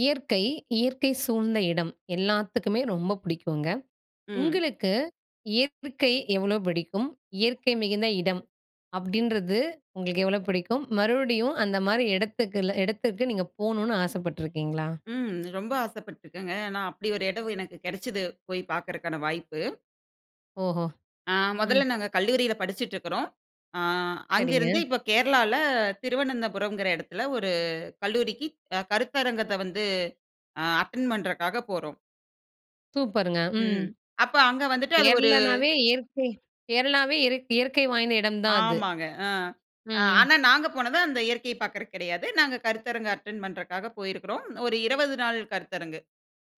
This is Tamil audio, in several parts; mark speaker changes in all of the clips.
Speaker 1: இயற்கை, இயற்கை சூழ்ந்த இடம் எல்லாத்துக்குமே ரொம்ப புடிக்குங்க.
Speaker 2: ம்.
Speaker 1: உங்களுக்கு இயற்றுகை எவ்வளவு பிடிக்கும்? "இயற்கை மிகுந்த இடம்." அப்படின்றது உங்களுக்கு எவ்வளோ புடிக்கும்? மறுவடியும் அந்தமாரி இடத்துக்குல இடத்துக்கு நீங்க போகணுனு ஆசைப்பட்டுருக்கீங்களா?
Speaker 2: ம். ரொம்ப ஆசைப்பட்டுருக்கேங்க. ஏன்னா, அப்படி ஒரு இடம் எனக்கு கெடைச்சது, போய் பார்க்கறக்கான வாய்ப்பு.
Speaker 1: ஓஹோ!
Speaker 2: ஆ முதல்ல
Speaker 1: ம்.
Speaker 2: நாங்க கல்லூரியில படிச்சிட்டு இருக்கிறோம். அ
Speaker 1: சரிங்க.
Speaker 2: அங்கிருந்து இப்ப கேரளால திருவனந்தபுரம்ங்கிற இடத்தில ஒரு கல்லூரிக்கு அ கருத்தரங்கத்த வந்து அ அட்டெண்ட் பண்ணுறக்காக போறோம்.
Speaker 1: சூப்பருங்க. ம்.
Speaker 2: ம். அப்ப அங்க வந்துட்டு அது ஒரு
Speaker 1: கேரளானாவே இயற்கை. கேரளாவே இறக் இயற்கை வாய்ந்த இடம் தான் அது.
Speaker 2: ஆமாங்க. அ
Speaker 1: ம்.
Speaker 2: ஆனா நாங்க போனது அந்த இயற்கைய பார்க்குறக்கு கிடையாது. நாங்க கருத்தரங்க அட்டெண்ட் பண்ணுறக்காக போயிருக்கிறோம். ஒரு 20 நாள் கருத்தரங்கு.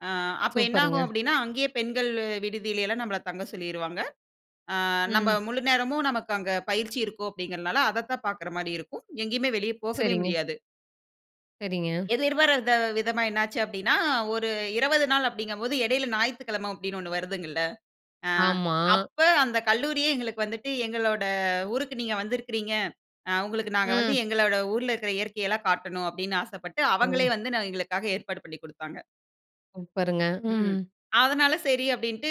Speaker 2: அ அப்ப
Speaker 1: சூப்பருங்க.
Speaker 2: என்னாகும் அப்படீன்னா, அங்கேயே பெண்கள் விடுதியில எல்லாம் நம்பள தங்க சொல்லிருவாங்க. ஆ நம்ப
Speaker 1: ம்.
Speaker 2: முழு நேரமும் நமக்கு அங்க பயிற்சி இருக்கும் அப்படிங்கிறனால, அதைத்தான் பார்க்குறமாரி இருக்கும். எங்கேயுமே வெளியே போகவே
Speaker 1: சரிங்க.
Speaker 2: முடியாது.
Speaker 1: சரிங்க.
Speaker 2: எதிர்பாரத விதமா என்ன ஆச்சு அப்படீன்னா, ஒரு 20 நாள் அப்படிங்கும்போது, இடையில ஞாயித்துக்கிழமை அப்படீன்னு ஒண்ணு வருதுங்கல்ல. அ
Speaker 1: ஆமா.
Speaker 2: அப்ப அந்த கல்லூரியே எங்களுக்கு வந்துட்டு, "எங்களோட ஊருக்கு நீங்க வந்திருக்கிறீங்க, அ உங்களுக்கு நாங்க வந்து
Speaker 1: ம்.
Speaker 2: எங்களோட ஊர்ல இருக்கிற இயற்கை எல்லாம் காட்டணும்." அப்படீன்னு ஆசைப்பட்டு, அவங்களே
Speaker 1: ஓ!
Speaker 2: வந்து என்ன எங்களுக்காக ஏற்பாடு பண்ணி குடுத்தாங்க.
Speaker 1: சூப்பருங்க, ம்.
Speaker 2: ம். அதனால சரி அப்படீன்ட்டு,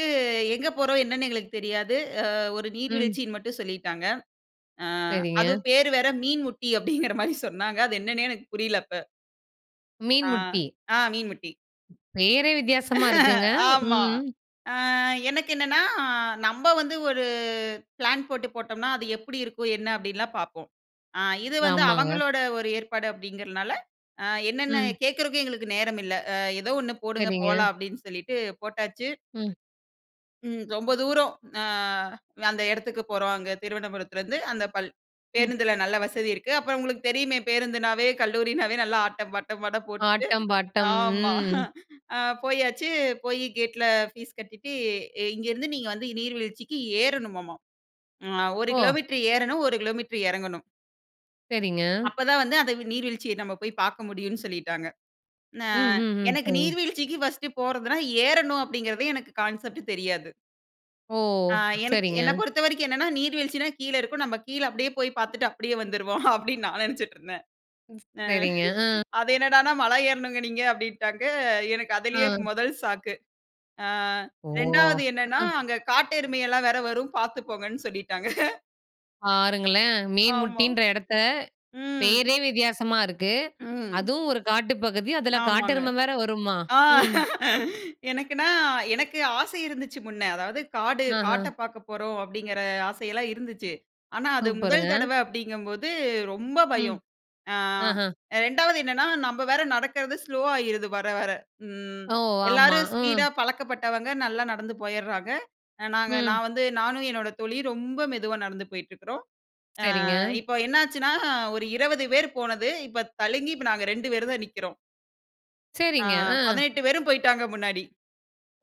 Speaker 2: எங்க போறோம்? என்னன்னு எங்களுக்கு தெரியாது. அ ஒரு
Speaker 1: ம்.
Speaker 2: நீர்வீழ்ச்சின்னு மட்டும் சொல்லிட்டாங்க. அ அதுவும்
Speaker 1: சரிங்க.
Speaker 2: பேரு வேற "மீன்முட்டி" அப்படிங்கிற மாரி சொன்னாங்க. அது என்னன்னே எனக்குப் புரியல அப்ப.
Speaker 1: மீன்
Speaker 2: ஆ.
Speaker 1: முட்டி.
Speaker 2: ஆ மீன் முட்டி.
Speaker 1: பேரே வித்தியாசமா இருக்குங்க.
Speaker 2: ஆமா.
Speaker 1: ம்.
Speaker 2: அ எனக்கு என்னன்னா, நம்ப வந்து ஒரு பிளான் போட்டுப் போட்டோம்னா, "அது எப்படி இருக்கும்? என்ன?" அப்படின்லாம் பார்ப்போம். அ இது வந்து
Speaker 1: ஆமாங்க.
Speaker 2: அவங்களோட ஒரு ஏற்பாடு அப்டிங்கிறதுனால, அ என்னென்ன
Speaker 1: ம்.
Speaker 2: கேக்குறதுக்கும் எங்களுக்கு நேரமில்ல. "அ எதோ ஒண்ணு போடுங்க,
Speaker 1: சரிங்க.
Speaker 2: போலாம்." அப்படீன்னு சொல்லிட்டு போட்டாச்சு.
Speaker 1: ம்.
Speaker 2: ம் ரொம்ப தூரம் அ அந்த எடத்துக்கு போறோம், அங்க திருவனபுரத்துலருந்து. அந்த பள்
Speaker 1: ம்.
Speaker 2: பேருந்துல நல்ல வசதி இருக்கு. அப்பறம் உங்களுக்குத் தெரியுமே பேருந்துனாவே, கல்லூரினாவே நல்ல ஆட்டம் ,பாட்டம், அட போட்டுட்டு,
Speaker 1: ஆட்டம், பாட்டம்,
Speaker 2: ஆமா
Speaker 1: ம்.
Speaker 2: அ போயாச்சு. போயிக் கேட்ல ஃபீஸ் கட்டிட்டு, இங்க இருந்து நீங்க வந்து நீர்வீழ்ச்சிக்கு ஏறணுமாமா. ம். அ 1
Speaker 1: ஓ!
Speaker 2: கிலோமீட்டர் ஏறணும், 1 கிலோமீட்டர் எறங்கணும்.
Speaker 1: சரிங்க.
Speaker 2: அப்பதான் வந்து அந்த நீர்வீழ்ச்சிய நம்மப் போய் பாக்க முடியும்னு சொல்லிட்டாங்க. ந
Speaker 1: ம், ஹ்ம், ஹ்ம்.
Speaker 2: எனக்கு,
Speaker 1: சரிங்க.
Speaker 2: "நீர்வீழ்ச்சிக்கு ஃபர்ஸ்ட் போறதுன்னா, ஏறணும்." அப்படீங்கிறது எனக்கு கான்செப்ட் தெரியாது.
Speaker 1: ஓ!
Speaker 2: ஆ எனக்கு
Speaker 1: சரிங்க.
Speaker 2: என்னை பொறுத்தவரைக்கும் என்னென்னா, "நீர் வீழ்ச்சினா கீழ இருக்கும். நம்ம கீழ அப்படியே போய் பார்த்துட்டு அப்படியே வந்துருவோம்." அப்படின்னு நான் நெனைச்சுட்டு இருந்தேன்.
Speaker 1: சரிங்க. ஆ.
Speaker 2: அது என்னடான்னா, "மலை ஏறணுங்க நீங்க" அப்படின்ட்டாங்க. எனக்கு அதிலயே
Speaker 1: அ.
Speaker 2: 1 ஷாக்கு. ஆ
Speaker 1: ஓ!
Speaker 2: 2வது என்னன்னா,
Speaker 1: அ.
Speaker 2: அங்க காட்டெருமை எல்லாம் வேற வரும், பார்த்து போங்கன்னு சொல்லிட்டாங்க.
Speaker 1: பாருங்களேன். மீன்
Speaker 2: ஆமா.
Speaker 1: முட்டின்ற இடத்தை
Speaker 2: ம்.
Speaker 1: பேரே வித்தியாசமா இருக்கு.
Speaker 2: ம்.
Speaker 1: அதுவும் ஒரு காட்டு பகுதி. அதில
Speaker 2: ஆமாங்க.
Speaker 1: காட்டெருமை வேற வருமா?
Speaker 2: ஆ
Speaker 1: ம்.
Speaker 2: எனக்குனா எனக்கு ஆசை இருந்துச்சு முன்ன. அதாவது, "காடு
Speaker 1: ஆஹா.
Speaker 2: காட்டை பார்க்க போறோம்" அப்படிங்கிற ஆசையெல்லாம் இருந்துச்சு. ஆனா, அது
Speaker 1: சூப்பருங்க.
Speaker 2: முதல் தடவை அப்படிங்கும்போது ரொம்ப
Speaker 1: ம்.
Speaker 2: பயம். அ
Speaker 1: ஆஹா.
Speaker 2: 2வது என்னன்னா நம்ப வேற நடக்கிறது ஸ்லோவாயிருது வர வர. ம்
Speaker 1: ஓ! ஆமா.
Speaker 2: எல்லாரும்
Speaker 1: ம்.
Speaker 2: ஸ்பீடா பழக்கப்பட்டவங்க, நல்லா நடந்து போயர்றாங்க. நாங்க
Speaker 1: ம்.
Speaker 2: நான் வந்து நானும் என்னோட தோழியும் ரொம்ப மெதுவா நடந்து போயிட்டு இருக்கிறோம்.
Speaker 1: சரிங்க.
Speaker 2: அ இப்போ என்னாச்சுன்னா, ஒரு 20 பேர் போனது, இப்ப தழுங்கி இப்ப நாங்க 2 பேர் தான் நிக்கிறோம். ஆ
Speaker 1: சரிங்க. ஆ.
Speaker 2: 18 பேரும் போய்ட்டாங்க முன்னாடி.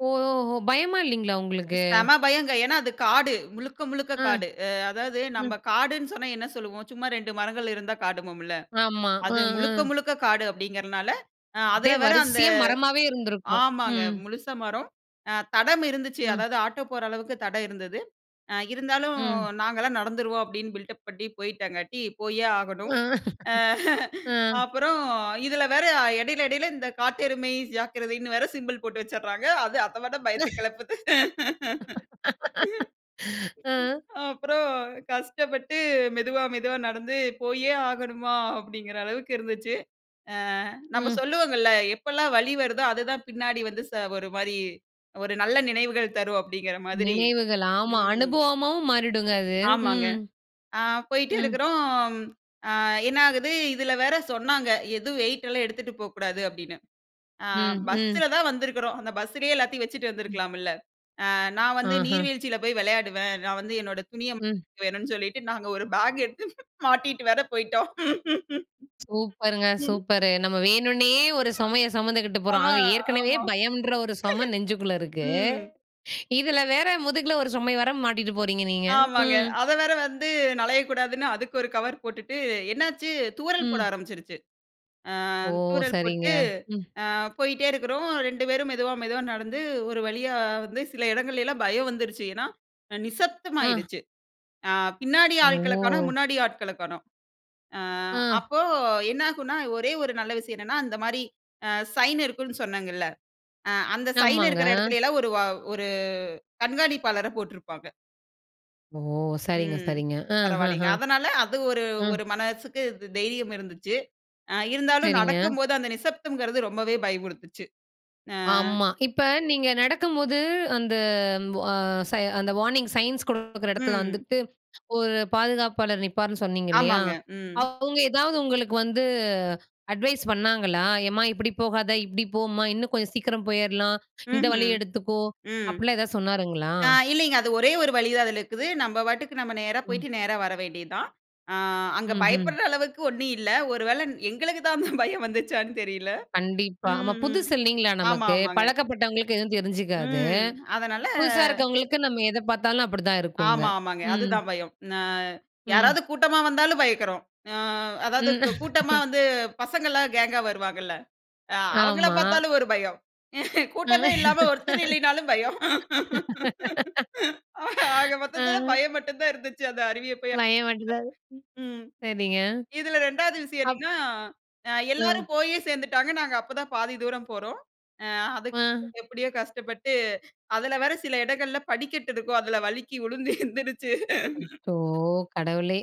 Speaker 1: ஓஓஹோ! பயமா இல்லைங்களா உங்களுக்கு?
Speaker 2: செம பயங்க. ஏன்னா அது காடு, முழுக்க முழுக்க
Speaker 1: ஆ.
Speaker 2: காடு. அ அதாவது நம்ப
Speaker 1: ம்.
Speaker 2: காடுன்னு சொன்னா, என்ன சொல்லுவோம்? சும்மா 2 மரங்கள் இருந்தா காடும்போம்ல.
Speaker 1: ஆமா. அ.
Speaker 2: அது முழுக்க
Speaker 1: அ.
Speaker 2: முழுக்க காடு அப்படிங்கிறதுனால அ அதில
Speaker 1: அப்படியே
Speaker 2: வேற அந்த
Speaker 1: வரிசையா மரமாவே இருந்திருக்கும்.
Speaker 2: ஆமாங்க.
Speaker 1: ம்.
Speaker 2: முழுசா மரம். அ தடம் இருந்துச்சு.
Speaker 1: ம்.
Speaker 2: அதாவது ஆட்டோ போற அளவுக்கு தடம் இருந்தது. "அ இருந்தாலும்
Speaker 1: ம்.
Speaker 2: நாங்கல்லாம் நடந்துருவோம்" அப்படீன்னு பில்டப் பண்ணி போயிட்டாங்கட்டி, போயே ஆகணும். அ
Speaker 1: அ.
Speaker 2: அப்பறம் இதில வேற இடையில இடையில, இந்த காட்டெருமை ஜாக்கிரதைன்னு வேற சிம்பல் போட்டு வச்சர்றாங்க. அது அதை விட பயத்த கெளப்புது.
Speaker 1: அ.
Speaker 2: அப்பறம் கஷ்டப்பட்டு மெதுவா மெதுவா நடந்து, "போயே ஆகணுமா?" அப்படீங்கிற அளவுக்கு இருந்துச்சு. அ நம்ம
Speaker 1: ம்.
Speaker 2: சொல்லுவோங்கள்ள, "எப்பெல்லாம் வலி வருதோ, அது தான் பின்னாடி வந்து ச ஒரு மாரி ஒரு நல்ல நினைவுகள் தரும்." அப்படீங்கிற மாதிரி.
Speaker 1: நினைவுகள், ஆமா.
Speaker 2: ம்.
Speaker 1: அனுபவமாவும் மாறிடுங்க அது.
Speaker 2: ஆமாங்க.
Speaker 1: ம்.
Speaker 2: அ போய்ட்டு
Speaker 1: ம்.
Speaker 2: இருக்கிறோம். அ என்ன ஆகுது இதில வேற சொன்னாங்க, "எதுவும் வெயிட்டலாம் எடுத்துட்டு போக்கூடாது" அப்படீன்னு. அ
Speaker 1: ம், ம்.
Speaker 2: பஸ்ஸல தான் வந்திருக்கிறோம், அந்த பஸ்ஸிலயே எல்லாத்தையும் வச்சுட்டு
Speaker 1: ம்.
Speaker 2: வந்துருக்கலாமில்ல. அ நான் வந்து
Speaker 1: ஆஹ!
Speaker 2: நீர்வீழ்ச்சியில போய் விளையாடுவேன், நான் வந்து என்னோட துணிய [unintelligible]
Speaker 1: ம்.
Speaker 2: வேணும்னு சொல்லிட்டு, நாங்க 1 பேக் எடுத்து மாட்டிட்டு வேற போய்ட்டோம்.
Speaker 1: சூப்பருங்க
Speaker 2: ம்.
Speaker 1: சூப்பரு. நம்ம வேணுன்னே ஒரு சுமையை சுமந்துக்கிட்டு
Speaker 2: ஆ,
Speaker 1: போறோம். அங்கே ஏற்கனவே
Speaker 2: ஆமா.
Speaker 1: பயம்ன்ற ஒரு சுமை நெஞ்சுக்குள்ள இருக்கு.
Speaker 2: ம்.
Speaker 1: இதில வேற, முதுகில ஒரு சுமைய வேற மாட்டிட்டு போறீங்க நீங்க.
Speaker 2: ஆமாங்க.
Speaker 1: ம்.
Speaker 2: அதை வேற வந்து நழையக்கூடாதுன்னு, அதுக்கு 1 கவர் போட்டுட்டு என்னாச்சு தூறல் போட
Speaker 1: ம்.
Speaker 2: ஆரம்பிச்சுருச்சு. அ
Speaker 1: ஓ!
Speaker 2: தூறல்
Speaker 1: சரிங்க,
Speaker 2: போட்டு,
Speaker 1: ம்.
Speaker 2: அ போயிட்டே இருக்கிறோம். 2 பேரும் மெதுவா மெதுவா நடந்து ஒரு வழியா வந்து சில இடங்கள்லலாம் பயம் வந்துருச்சு. ஏன்னா, அ
Speaker 1: அ.
Speaker 2: நிசப்தமாயிடுச்சு. அ பின்னாடி ஆள்களை காணோம்,
Speaker 1: ஓ!
Speaker 2: முன்னாடி ஆட்களை காணோம். அ
Speaker 1: ஆ.
Speaker 2: அப்போ என்னாகும்னா, ஒரே ஒரு நல்ல விஷயம் என்னன்னா அந்த மாரி அ சைன் இருக்குன்னு சொன்னேங்கல்ல, அ அந்த சைன்
Speaker 1: ஆமாங்க.
Speaker 2: இருக்கிற இடத்துலலாம் 1 வ 1 கண்காணிப்பாளரை போட்டிருப்பாங்க.
Speaker 1: ஓ! சரிங்க,
Speaker 2: ம்,
Speaker 1: சரிங்க. அஹஹ,
Speaker 2: பரவாயில்லைங்க. அதனால அது ஒரு
Speaker 1: ம்.
Speaker 2: ஒரு மனசுக்கு த் தைரியம் இருந்துச்சு. அ இருந்தாலும்
Speaker 1: சரிங்க.
Speaker 2: நடக்கும்போது அந்த நிசப்தம்ங்கிறது, ரொம்பவே பயம்புறுத்திச்சு. ஆ.
Speaker 1: ஆமா. இப்ப நீங்க நடக்கும்போது அந்த வ ச அந்த வார்னிங் சயின்ஸ் குடுக்குற இடத்துல
Speaker 2: ம்.
Speaker 1: வந்துட்டு, ஒரு பாதுகாப்பாளர் நிப்பார்ன்னு சொன்னீங்க இல்லையா,
Speaker 2: ஆமாங்க. ம்.
Speaker 1: அவங்க எதாவது உங்களுக்கு வந்து அட்வைஸ் பண்ணாங்களா? எம்மா இப்டி போகாத, இப்டி போம்மா, இன்னும் கொஞ்சம் சீக்கிரம் போயரலாம் இந்த
Speaker 2: ம்ஹ்ம்.
Speaker 1: வழிய எடுத்துக்கோ,
Speaker 2: ம்.
Speaker 1: அப்டிலாம் எதாவது சொன்னாருங்களா?
Speaker 2: அ இல்லிங்க அது ஒரே ஒரு வழி தான் அதில இருக்குது. நம்ப பாட்டுக்கு நம்ம நேரா
Speaker 1: ம்.
Speaker 2: போய்ட்டு நேரா வர வேண்டியது தான். ஆ அங்க
Speaker 1: ம்ஹ்ம்.
Speaker 2: பயப்படுற அளவுக்கு ஒண்ணு இல்ல. ஒரு வேள ன் எங்களுக்கு தான் அந்த பயம் வந்துச்சான்னு தெரியல
Speaker 1: கண்டிப்பா. ஆமா.
Speaker 2: ம்ஹ்ம்.
Speaker 1: புதுசு இல்லைங்களா
Speaker 2: ஆமா,
Speaker 1: நமக்கு.
Speaker 2: ஆமாங்க.
Speaker 1: பழக்கப்பட்டவங்களுக்கு எதுவும் தெரிஞ்சுக்காது.
Speaker 2: ம். அதனால
Speaker 1: புதுசா இருக்கவங்களுக்கு நம்ம எத பார்த்தாலும் அப்டிதான் இருக்குங்க.
Speaker 2: ஆமா, ஆமாங்க.
Speaker 1: ம்.
Speaker 2: அதுதான் பயம். நான்
Speaker 1: ம்.
Speaker 2: யாராவது கூட்டமா வந்தாலும் பயப்படுறோம். அ அதாவது
Speaker 1: ம்..
Speaker 2: கூட்டமா வந்து பசங்கள்லாம் கேங்கா வருவாங்கல்ல, அ அவங்கள
Speaker 1: ஆமா.
Speaker 2: பார்த்தாலும் ஒரு பயம்.
Speaker 1: அ
Speaker 2: கூட்டமே இல்லாமல் ஒருத்தர் இல்லைனாலும் பயம் ஆக மொத்தத்தில
Speaker 1: அ.
Speaker 2: பயம் மட்டும் தான் இருந்துச்சு, அந்த அருவியை அப்பயும்.
Speaker 1: [unintelligible]
Speaker 2: [unintelligible] ம்
Speaker 1: சரிங்க
Speaker 2: இதில ரெண்டாவது விஷயம்
Speaker 1: அப்
Speaker 2: என்னங்க்னா,
Speaker 1: ம்.
Speaker 2: எல்லாரும் போயே சேர்ந்துட்டாங்க. நாங்க அப்போ தான் பாதி தூரம் போறோம். ஆ அதுக்கு
Speaker 1: ஆ.
Speaker 2: எப்டியோ கஷ்டப்பட்டு அதில வேற சில இடங்கள்ல படிக்கட்டு இருக்கும். அதில வழுக்கி விழுந்து எந்திருச்சு
Speaker 1: அச்சோ! கடவுளே,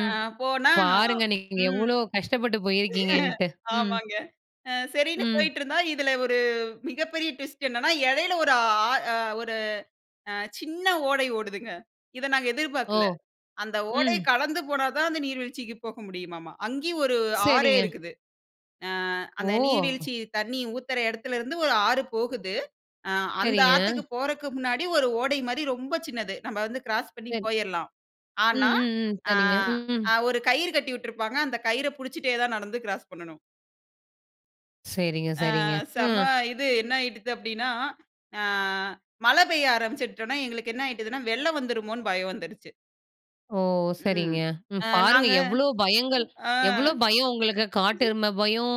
Speaker 2: அ போனா,
Speaker 1: பாருங்க நீங்க
Speaker 2: ம்.
Speaker 1: எவ்வளோ கஷ்டப்பட்டு போயிருக்கீங்கன்ட்டு. ம்.
Speaker 2: ஆமாங்க. அ சரின்னு
Speaker 1: ம்.
Speaker 2: போய்ட்டு இருந்தா, இதில ஒரு மிகப்பெரிய ட்விஸ்ட் என்னன்னா? இடையில ஒரு ஆ ஒரு அ சின்ன ஓடை ஓடுதுங்க. இத நாங்க
Speaker 1: ஓ!
Speaker 2: எதிர்பார்க்கல. அந்த ஓடை
Speaker 1: ம்.
Speaker 2: கடந்து போனா தான், அந்த நீர்வீழ்ச்சிக்கு போக முடியுமாமா. அங்கயும் ஒரு ஆறே
Speaker 1: சரிங்க.
Speaker 2: இருக்குது. ஆ அந்த
Speaker 1: ஓ!
Speaker 2: நீர்வீழ்ச்சி தண்ணீ ஊத்தற இடத்தில இருந்து ஒரு ஆறு போகுது. ஆ அந்த
Speaker 1: சரிங்க.
Speaker 2: ஆத்துக்கு போறக்கு முன்னாடி ஒரு ஓடை மாரி ரொம்ப சின்னது. நம்ப வந்து கிராஸ் பண்ணி
Speaker 1: சரி.
Speaker 2: போய்ரலாம். ஆனா
Speaker 1: ம், ம், ம்.
Speaker 2: ஆ,
Speaker 1: சரிங்க. ம், ம்.
Speaker 2: அ ஒரு கயிறு கட்டி விட்டுருப்பாங்க. அந்த கயிற புடிச்சிட்டே தான் நடந்து கிராஸ் பண்ணணும்.
Speaker 1: சரிங்க
Speaker 2: அ
Speaker 1: சரிங்க.
Speaker 2: செம
Speaker 1: ம்.
Speaker 2: இது என்னாயிடுது அப்படின்னா, அ மழை பெய்ய ஆரம்பிச்சுட்டோன எங்களுக்கு என்ன ஆயிட்டுதுன்னா வெள்ளம் வந்துருமோன்னு பயம் வந்துடுச்சு.
Speaker 1: ஓ!
Speaker 2: ம்.
Speaker 1: சரிங்க. ம்,
Speaker 2: அ
Speaker 1: பாருங்க
Speaker 2: நாங்க
Speaker 1: எவ்ளோ பயங்கள்,
Speaker 2: ஆ.
Speaker 1: எவ்ளோ பயம் உங்களுக்கு! காட்டெருமை பயம்,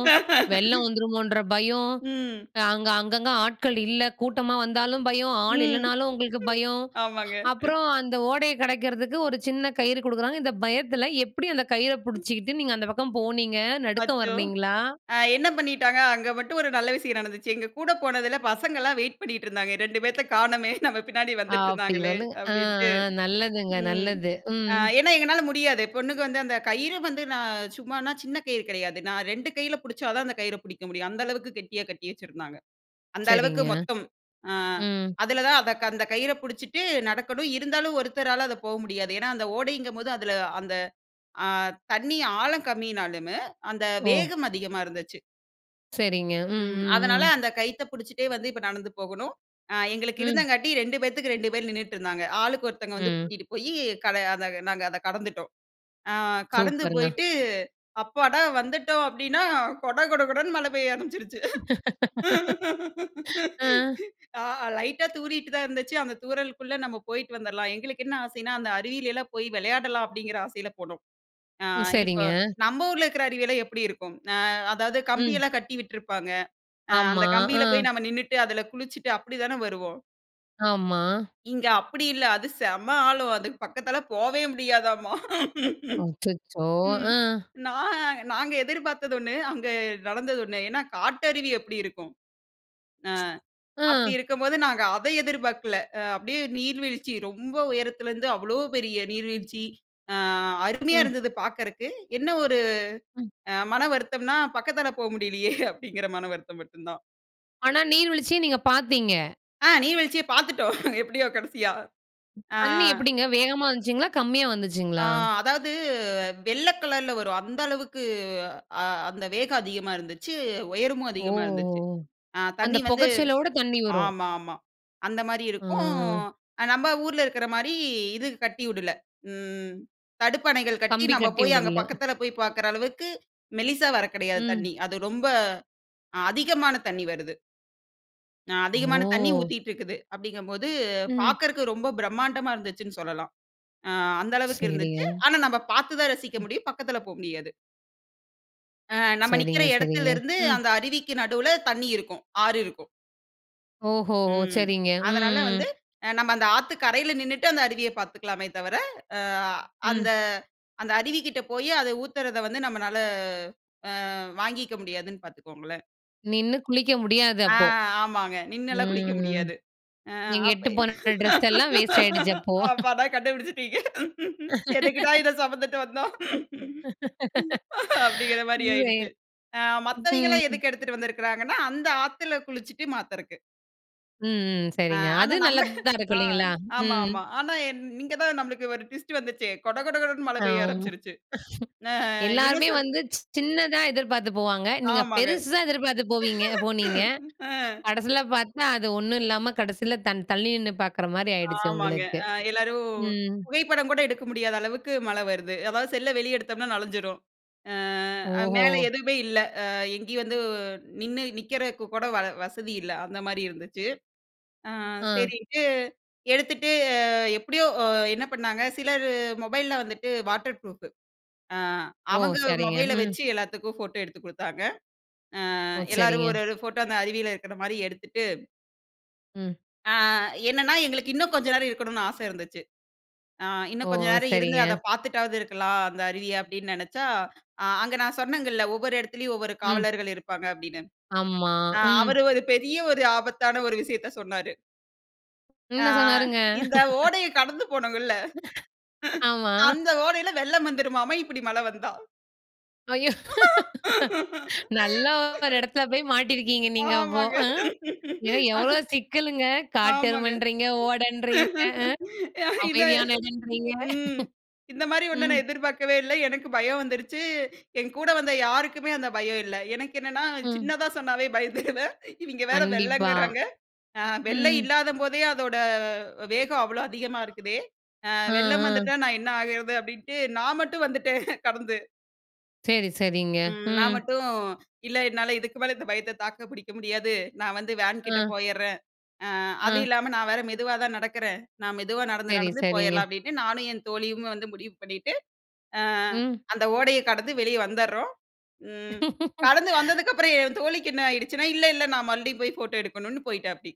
Speaker 1: வெள்ளம் வந்துருமோன்ற பயம்,
Speaker 2: ம்.
Speaker 1: அ அங்க அங்கங்க ஆட்கள் இல்ல கூட்டமா
Speaker 2: ம்.
Speaker 1: வந்தாலும் பயம்.
Speaker 2: ம்.
Speaker 1: ஆளு இல்லனாலும் உங்களுக்கு பயம்.
Speaker 2: ஆமாங்க
Speaker 1: அப்புறம் அந்த ஓடைய கடக்கிறதுக்கு ஒரு சின்ன கயிறு குடுக்குறாங்க. இந்த பயத்தில எப்படி அந்த கயிற புடிச்சிக்கிட்டு நீங்க அந்த பக்கம் போனிங்க? நடுக்கம்
Speaker 2: அச்சோ!
Speaker 1: வர்லைங்களா?
Speaker 2: அ என்ன பண்ணிட்டாங்க. அங்க மட்டும் ஒரு நல்ல விசயம் நடந்துச்சு. எங்க கூட போனதுல பசங்கலாம் வெயிட் பண்ணிட்ருந்தாங்க. "ரெண்டு 2 பேத்த காணமே நம்ம பின்னாடி
Speaker 1: அப்டி
Speaker 2: வந்துட்ருந்தாங்களே"
Speaker 1: சொல்லுங்க. ஆ
Speaker 2: அப்டின்ட்டு
Speaker 1: ஆ. நல்லதுங்க
Speaker 2: ம்.
Speaker 1: நல்லது.
Speaker 2: அ
Speaker 1: ம்.
Speaker 2: ஏன்னா எங்கனால முடியாது. பொண்ணுக வந்து அந்த கயிறு வந்து நான் சும்மானா சின்ன கயிறு கிடையாது. நான் 2 கையில புடிச்சா தான் அந்த கயிற புடிக்க முடியும். அந்த அளவுக்கு கெட்டியா கட்டி வச்சிருந்தாங்க. அந்த அளவுக்கு
Speaker 1: சரிங்க,
Speaker 2: மொத்தம். ஆ,
Speaker 1: ம்.
Speaker 2: அதில தான் அத அந்தக் கயிற புடிச்சிட்டு நடக்கணும். இருந்தாலும் ஒருத்தரால அது போ முடியாது. ஏன்னா அந்த ஓடைங்கம்போது அதில அந்த அ தண்ணீ ஆழம் கம்மினாலுமே, அந்த
Speaker 1: ஓ!
Speaker 2: வேகம் அதிகமா இருந்துச்சு.
Speaker 1: சரிங்க. ம்.
Speaker 2: ம்.
Speaker 1: ம்.
Speaker 2: அதனால
Speaker 1: ம்.
Speaker 2: அந்த கயித்த பிடிச்சிட்டே வந்து, இப்ப நடந்து போகணும். அ எங்களுக்கு
Speaker 1: ம்.
Speaker 2: இருந்தங்காட்டி 2 பேத்துக்கு 2 பேர் நின்னுட்டு இருந்தாங்க. ஆளுக்கு ஒருத்தங்க வந்து
Speaker 1: ம்.
Speaker 2: கூட்டிட்டு போயி, கட அத நாங்க அதை கடந்துட்டோம். ஆ கடந்து
Speaker 1: சூப்பருங்க.
Speaker 2: போயிட்டு, அப்பாடா! வந்துவிட்டோம் அப்பிடின்னா, கொட கொட கொடன்னு மழை பெய்ய ஆரம்பிச்சுருச்சு.
Speaker 1: ஆ.
Speaker 2: ஆ லைட்டா தூறிட்டு தான் இருந்துச்சு. அந்த தூறலுக்குள்ள நம்ம போயிட்டு வந்திர்லாம். எங்களுக்கு என்ன ஆசையின்னா, அந்த அருவியிலல்லாம் போய் விளையாடலாம் அப்பிடிங்கிற ஆசையில போனோம். ஆ
Speaker 1: ம்,
Speaker 2: இப்ப
Speaker 1: சரிங்க.
Speaker 2: நம்ம ஊர்ல இருக்கிற அருவி எல்லாம் எப்பிடி இருக்கும்? ஆ அதாவது
Speaker 1: ம்.
Speaker 2: கம்பியெல்லாம் கட்டி விட்டுருப்பாங்க. அ அந்த
Speaker 1: ஆமா.
Speaker 2: கம்பியில
Speaker 1: ஆ.
Speaker 2: போய் நம்ம நின்னுட்டு அதில குளிச்சுட்டு அப்பிடி தான வருவோம்.
Speaker 1: ஆமா.
Speaker 2: இங்க அப்பிடி இல்ல. அது செம்ம ஆழம். அதுக்கு பக்கத்தில போவே முடியாதாம்மா!
Speaker 1: அச்சச்சோ!
Speaker 2: ம்.
Speaker 1: ஆ.
Speaker 2: நான் நாங்க எதிர்பார்த்தது ஒண்ணு. அங்க நடந்தது ஒன்ணு. ஏன்னா, காட்டருவி எப்பிடி இருக்கும? ஆ
Speaker 1: ஆ.
Speaker 2: அப்பிடி இருக்கும்போது, நாங்க அதை எதிர்பார்க்கல. அ அப்பிடியே நீர்வீழ்ச்சி ரொம்ப உயரத்தில இருந்து அவ்வளோ பெரிய நீர்வீழ்ச்சி, ஆ அருமையா
Speaker 1: ம்.
Speaker 2: இருந்தது பாக்குறதுக்கு என்ன ஒரு
Speaker 1: ம்.
Speaker 2: அ மன வருத்தம்ன்னா, பக்கத்தில போ முடியல்லயே! அப்பிடிங்கிற மனவருத்தம் மட்டும் தான்.
Speaker 1: ஆனா, நீர் வீழ்ச்சிய நீங்க பார்த்தீங்க!
Speaker 2: ஆ நீர் வீழ்ச்சிய பார்த்துட்டோம். எப்படியோ கடைசியா. ஆ.
Speaker 1: தண்ணி எப்படிங்க, வேகமா வந்துச்சுங்களா? கம்மியா
Speaker 2: ஆ
Speaker 1: வந்துச்சுங்களா?
Speaker 2: அதாவது வெள்ள கலர்ல வரும். அந்த அளவுக்கு அ அந்த வேகம் அதிகமா இருந்துச்சு, உயரமும்
Speaker 1: ஓ!
Speaker 2: அதிகமா இருந்துச்சு. அ
Speaker 1: அந்த
Speaker 2: தண்ணி வந்து
Speaker 1: புகைச்சலோட தண்ணி வரும்.
Speaker 2: ஆமா, ஆமா. அந்தமாரி இருக்கும்.
Speaker 1: ஆ.
Speaker 2: அ நம்ப ஊர்ல இருக்குறமாரி, இது கட்டி வுடல. ம் தடுப்பணைகள் கட்டி
Speaker 1: கம்பி
Speaker 2: நம்ம
Speaker 1: கட்டி
Speaker 2: போய் அங்க
Speaker 1: விடல.
Speaker 2: பக்கத்தில போய் பார்க்குற அளவுக்கு, மெல்லிசா வர கெடையாது
Speaker 1: ம்.
Speaker 2: தண்ணி. அது ரொம்ப அதிகமான தண்ணி வருது. ஆ அதிகமான தண்ணி
Speaker 1: ஓ!
Speaker 2: ஊத்திட்டு இருக்குது. அப்படீங்கம்போது,
Speaker 1: ம்.
Speaker 2: பார்க்கறக்கு ரொம்ப பிரமாண்டமா இருந்துச்சுன்னு சொல்லலாம். ஆ அந்த அளவுக்கு இருந்துச்சு.
Speaker 1: சரிங்க.
Speaker 2: ஆனா நம்ம பார்த்து தான் ரசிக்க
Speaker 1: ம்.
Speaker 2: முடியும். பக்கத்தில போ முடியாது. அ நம்ம நிக்கிற
Speaker 1: சரிங்க சரிங்க.
Speaker 2: இடத்திலருந்து
Speaker 1: ம்.
Speaker 2: அந்த அருவிக்கு நடுவுல தண்ணி இருக்கும். ஆறு இருக்கும்.
Speaker 1: ஓஹோஹோ!
Speaker 2: ம்.
Speaker 1: சரிங்க,
Speaker 2: அதனால
Speaker 1: ம்.
Speaker 2: வந்து அ நம்ம அந்த ஆத்துக் கரையில நின்னுட்டு அந்த அருவிய பார்த்துக்கலாமே தவிர, அ
Speaker 1: ம்.
Speaker 2: அந்த அந்த அருவிகிட்ட போயி அத ஊத்துறத வந்து, நம்மனால அ வாங்கிக்க முடியாதுன்னு பார்த்துக்கோங்களேன்!
Speaker 1: நின்னு குளிக்க முடியாது
Speaker 2: ஆ
Speaker 1: அப்போ.
Speaker 2: ஆமாங்க. நின்னல்லாம் குளிக்க
Speaker 1: ம்.
Speaker 2: முடியாது. அ
Speaker 1: நீங்க
Speaker 2: அப்ப
Speaker 1: எடுததுட்டுப்போன டிரெஸ் எல்லாம் வேஸ்ட்டாயிடுச்சு அப்போ.
Speaker 2: அப்பாடா! கண்டுபுடுச்சீட்டீங்க. "எதுக்குடா இத சுமந்துட்டு வந்தோம்?" அப்படீங்கிற மாரி
Speaker 1: சரி.
Speaker 2: ஆயிடுச்சு. ஆ மத்தவைங்கெல்லாம் எதுக்கு எடுத்துட்டு வந்திருக்காங்கன்னா, அந்த ஆத்துல குளிச்சுட்டு மாத்துறக்கு.
Speaker 1: ம், ம்.
Speaker 2: அ
Speaker 1: சரிங்க. அது
Speaker 2: ஆனா. நம்ம.
Speaker 1: நல்லது தான் இருக்கும்.
Speaker 2: ஆ.
Speaker 1: இல்லைங்களா?
Speaker 2: ஆமா.
Speaker 1: ம்.
Speaker 2: ஆமா. ஆனா என் இங்க தான் நமக்கு ஒரு ட்விஸ்ட் வந்துச்சே. கொட கொட கொடனு மழை பெய்ய
Speaker 1: அவ்
Speaker 2: ஆரம்பிச்சுடுச்சு. ஆ.
Speaker 1: எல்லாருமே
Speaker 2: இன்னோசென்ட்.
Speaker 1: வந்து சி சின்னதா எதிர்பார்த்து போவாங்க. நீங்க
Speaker 2: ஆமாங்க.
Speaker 1: பெருசா எதிர்பார்த்து போவீங்க போனீங்க.
Speaker 2: ஆ.
Speaker 1: கடைசில பார்த்தா அது ஒண்ணும் இல்லாம கடைசியில தன் தள்ளி நின்னு பார்க்குற மாரி ஆயிடுச்சு
Speaker 2: ஆமாங்க.
Speaker 1: உங்களுக்கு.
Speaker 2: ஆ. எல்லாரும்
Speaker 1: ம்.
Speaker 2: புகைப்படம் கூட எடுக்க முடியாத அளவுக்கு மழை வருது. அதாவது செல்ல வெளியே எடுத்தோம்னா நனைஞ்சிடும் அ
Speaker 1: ஓஹோ!
Speaker 2: மேல எதுவுமே இல்ல. அ எங்கேயும் வந்து நின்னு நிற்கிறதுக்கு கூட வல வசதி இல்ல. அந்த மாரி இருந்துச்சு. ஆ
Speaker 1: ஆ.
Speaker 2: சரின்ட்டு எடுத்துட்டு எப்படியோ, என்ன பண்ணாங்க சிலர் மொபைல்ல வந்துட்டு வாட்டர் ப்ரூஃபு. ஆ
Speaker 1: ஓ!
Speaker 2: அவங்க
Speaker 1: சரிங்க.
Speaker 2: மொபைல
Speaker 1: ம்.
Speaker 2: வச்சு எல்லாத்துக்கும் ஃபோட்டோ எடுத்துக் குடுத்தாங்க. ஆ
Speaker 1: ஓ!
Speaker 2: எல்லாரும்
Speaker 1: சரிங்க.
Speaker 2: ஒரு ஒரு ஃபோட்டோ அந்த அருவியில இருக்கிற மாரி எடுத்துட்டு.
Speaker 1: ம்.
Speaker 2: ஆ என்னென்னா எங்களுக்கு இன்னும் கொஞ்சம் நேரம் இருக்கணும்னு ஆசை இருந்துச்சு. ஆ
Speaker 1: ஓ!
Speaker 2: இன்னும் கொஞ்சம் நேரம் இருந்து அத
Speaker 1: சரிங்க.
Speaker 2: பார்த்துட்டாவது இருக்கலாம் அந்த அருவிய, அப்படின்னு நினைச்சா, அ அங்க நான் சொன்னேங்கல்ல ஒவ்வொரு இடத்திலேயும் ஒவ்வொரு
Speaker 1: ம்.
Speaker 2: காவலர்கள் இருப்பாங்க அப்படின்னு.
Speaker 1: ஆமா,
Speaker 2: ஆ.
Speaker 1: ம்.
Speaker 2: அவரு ஒரு பெரிய ஒரு ஆபத்தான ஒரு விஷயத்த சொன்னாரு. ஆ
Speaker 1: என்ன சொன்னாருங்க?
Speaker 2: இந்த ஓடைய கடந்து போனோங்கல்ல.
Speaker 1: ஆமா.
Speaker 2: அந்த ஓடைல வெள்ளம் வந்துவிடுமாமா இப்டி மழ வந்தா.
Speaker 1: ஐய்யோ! நல்லா ஒரு எடத்துல போய் மாட்டிருக்கீங்க நீங்க அப்போ
Speaker 2: ஆமாங்க,
Speaker 1: அ. எ
Speaker 2: ஆனா.
Speaker 1: எவ்ளோ சிக்கலுங்க?
Speaker 2: ஆமாங்க.
Speaker 1: காட்டெருமைன்றிங்க, ஓடன்றிங்க,
Speaker 2: இந்த
Speaker 1: அமைதியான எடம்ன்றிங்க.
Speaker 2: ம் இந்தமாரி ஒன்ன
Speaker 1: ம்.
Speaker 2: நான் எதிர்பார்க்கவே இல்ல. எனக்கு பயம் வந்துருச்சு, என் கூட வந்த யாருக்குமே அந்தப் பயம் இல்ல. எனக்கு என்னன்னா,
Speaker 1: ம்.
Speaker 2: சின்னதா சொன்னாவே பயந்துருவேன். இவங்க வேற
Speaker 1: கண்டிப்பா.
Speaker 2: வெள்ளங்கிறாங்க. அ வெள்ள
Speaker 1: ம்.
Speaker 2: இல்லாதம்போதே அதோட வேகம் அவ்ளோ அதிகமா இருக்குதே, அ
Speaker 1: ஆ
Speaker 2: வெள்ளம்
Speaker 1: ஆ.
Speaker 2: வந்துட்டா நான் என்ன ஆகுறது அப்டின்டு நான் மட்டும் வந்துட்டேன் கடந்து.
Speaker 1: சரி சரிங்க.
Speaker 2: ம் நான்
Speaker 1: ம்.
Speaker 2: மட்டும் இல்ல "என்னால இதுக்கு மேல இந்த பயத்த தாக்க முடியாது, நான் வந்து வேன்கிட்ட
Speaker 1: ஆ.
Speaker 2: போயிறேன்." அ அதுவும்
Speaker 1: ஆ.
Speaker 2: இல்லாம நான் வேற மெதுவாதான் நடக்குறேன், நான் மெதுவா நடந்து
Speaker 1: சரி
Speaker 2: நடந்து போயிர்லாம்
Speaker 1: சரிங்க.
Speaker 2: அப்டின்னு நானும் என் தோழியும் வந்து முடிவு பண்ணிட்டு, அ
Speaker 1: ம்.
Speaker 2: அந்த ஓடைய கடந்து வெளியே வந்தர்றோம். ம் கடந்து வந்ததுக்கப்புறம் என் தோழிக்கு என்ன ஆயிடுச்சுன்னா, "இல்ல இல்ல நான் மறுபடியும் போய் போட்டோ எடுக்கணும்னு" போயிட்டாப்டி.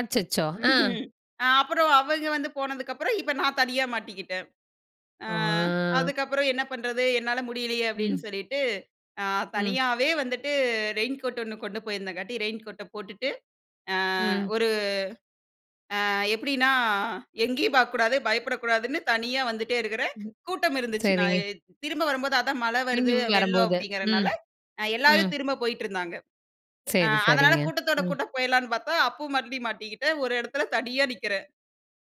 Speaker 1: அச்சச்சோ!
Speaker 2: ம்.
Speaker 1: ஆ.
Speaker 2: அ அப்புறம் அவங்க வந்து போனதுக்கப்புறம், இப்ப நான் தனியா மாட்டிக்கிட்டேன். அ
Speaker 1: ஆ
Speaker 2: அதுக்கப்புறம் "என்ன பண்றது? என்னால முடியலையே"
Speaker 1: ம்.
Speaker 2: அப்டின்னு சொல்லிட்டு அ
Speaker 1: ம்.
Speaker 2: தனியாவே வந்துட்டு ரெயின்கோட் 1 கொண்டு போயிருந்தங்காட்டி ரெயின்கோட்ட போட்டுட்டு, அ
Speaker 1: ம்.
Speaker 2: ஒரு அ எப்டின்னா எங்கேயும் பாக்கக்கூடாது, பயப்படக்கூடாதுன்னு தனியா வந்துட்டே இருக்கிறேன்.
Speaker 1: ம்.
Speaker 2: கூட்டம் இருந்துச்சு. நான்
Speaker 1: சரிங்க.
Speaker 2: எ திரும்ப வரும்போது அதான் மழ
Speaker 1: திரும்பி
Speaker 2: வருது வெள்ளம்
Speaker 1: வரும்போது
Speaker 2: அப்படிங்கிறதுனால
Speaker 1: ம்
Speaker 2: அ எல்லாரும்
Speaker 1: ம்.
Speaker 2: திரும்ப போயிட்டு இருந்தாங்க. அ
Speaker 1: சரி
Speaker 2: அதனால
Speaker 1: சரிங்க.
Speaker 2: கூட்டத்தோட
Speaker 1: ம்.
Speaker 2: கூட்ட போயிரலாம்னு பாத்தா, அப்பவும் மறுபடி மாட்டிக்கிட்டேன். ஒரு எடத்துல தனியா நிக்கிறேன்.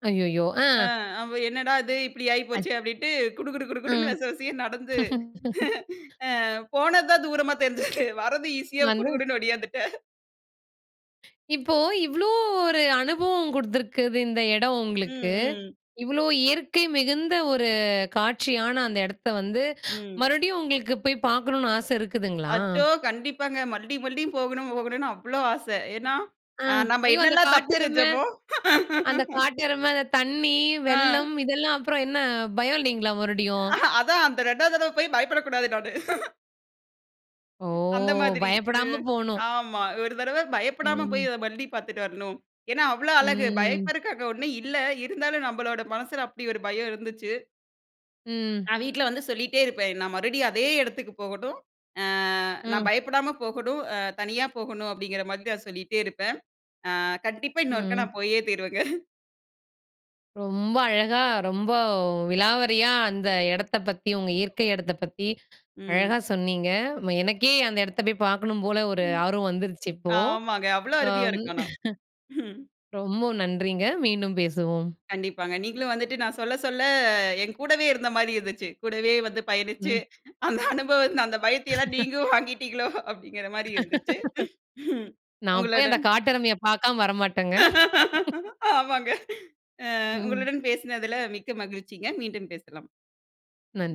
Speaker 1: ஐய்யய்யோ! ஆ.
Speaker 2: அ அவ என்னடா இது இப்படி
Speaker 1: அத்
Speaker 2: ஆயிப்போச்சே அப்படின்ட்டு குடு குடுன்னு
Speaker 1: ம்.
Speaker 2: விச விசையா நடந்து, ஆ போனது தான் தூரமா தெரிஞ்சது. வர்றது ஈசியா
Speaker 1: நானு
Speaker 2: குடு குடுன்னு ஓடியாந்துட்டேன்.
Speaker 1: இப்போ இவ்ளோ ஒரு அனுபவம் கொடுத்துருக்குது இந்த இடம் உங்களுக்கு,
Speaker 2: ம், ம்.
Speaker 1: இவ்ளோ இயற்கை மிகுந்த ஒரு காட்சியான அந்த இடத்த வந்து
Speaker 2: ம்.
Speaker 1: மறுபடியும் உங்களுக்கு போய் பார்க்கணும்னு, ஆசை இருக்குதுங்களா?
Speaker 2: அச்சோ! கண்டிப்பாங்க. மறுபடியும் மறுபடியும் போகணும் போகணும்னு அவ்வளவு ஆசை. ஏன்னா,
Speaker 1: ஆ.
Speaker 2: அ நம்ம
Speaker 1: ஐயோ! அந்த
Speaker 2: என்னலாம் தப்பு
Speaker 1: காட்டெருமை
Speaker 2: செஞ்சமோ
Speaker 1: அந்த காட்டெருமை அந்த தண்ணி
Speaker 2: ஆ.
Speaker 1: வெள்ளம் இதெல்லாம் அப்புறம் என்ன பயம் இல்லைங்களா? மறுபடியும்.
Speaker 2: அ அதான் அந்த 2வது தடவை போய் பயப்படக்கூடாது நானு.
Speaker 1: ஓ!
Speaker 2: அந்த மாதிரி, இது
Speaker 1: பயப்படாம போணும்.
Speaker 2: ஆமா ஒரு தடவை பயப்படாம போயி
Speaker 1: ம்.
Speaker 2: அதை மறுபடியு பார்த்துட்டு வரணும். ஏன்னா அவ்வளோ அழகு
Speaker 1: ம்.
Speaker 2: பயப்பதற்கா ஒன்னும் இல்ல. இருந்தாலும் நம்முடைய மனசுல அப்படி ஒரு பயம் இருந்துச்சு.
Speaker 1: ம்.
Speaker 2: நான் வீட்ல வந்து சொல்லிட்டே இருப்பேன். நான் மறுபடியும் அதே இடத்துக்கு போகணும். அ நான்
Speaker 1: ம்.
Speaker 2: பயப்படாம போகணும் அ தனியா போகணும். அப்படிங்கிற மாரி நான் சொல்லிட்டே இருப்பேன். அ கண்டிப்பா இன்னொருக்கா
Speaker 1: ம்.
Speaker 2: நான் போயே தீருவேங்க.
Speaker 1: ரொம்ப அழகா ரொம்ப விலாவரையா அந்த இடத்த பத்தி உங்க இயற்கை இடத்தை பத்தி,
Speaker 2: ம்.
Speaker 1: அழகா சொன்னீங்க. எனக்கே அந்த இடத்த போய் பார்க்கணும் போல, ஒரு
Speaker 2: ம்.
Speaker 1: ஆர்வம் வந்துருச்சு இப்போ.
Speaker 2: ஆமாங்க. அவ்வளோஅருவியா இருக்க ஆனா.
Speaker 1: ரொம்ப நன்றின்ங்க. மீண்டும் பேசுவோம்.
Speaker 2: கண்டிப்பாங்க. நீங்களும் வந்துட்டு நான் சொல்ல சொல்ல என் கூடவே இருந்த மாரி இருந்துச்சு. கூடவே வந்து பயணிச்சி
Speaker 1: ம்.
Speaker 2: அந்த அனுபவம் அந்த பயத்தை எல்லாம் நீங்களும் வாங்கிட்டீங்களோ அப்படிங்கிற மாரி இருந்துச்சு.
Speaker 1: நான் போய் அந்த
Speaker 2: உங்களுடன்
Speaker 1: காட்டெருமைய பார்க்காம வரமாட்டேங்க.
Speaker 2: ஆமாங்க. அ
Speaker 1: ம்.
Speaker 2: உங்களுடன் பேசினதுல மிக்க மகிழ்ச்சிங்க. மீண்டும் பேசலாம்.
Speaker 1: நன்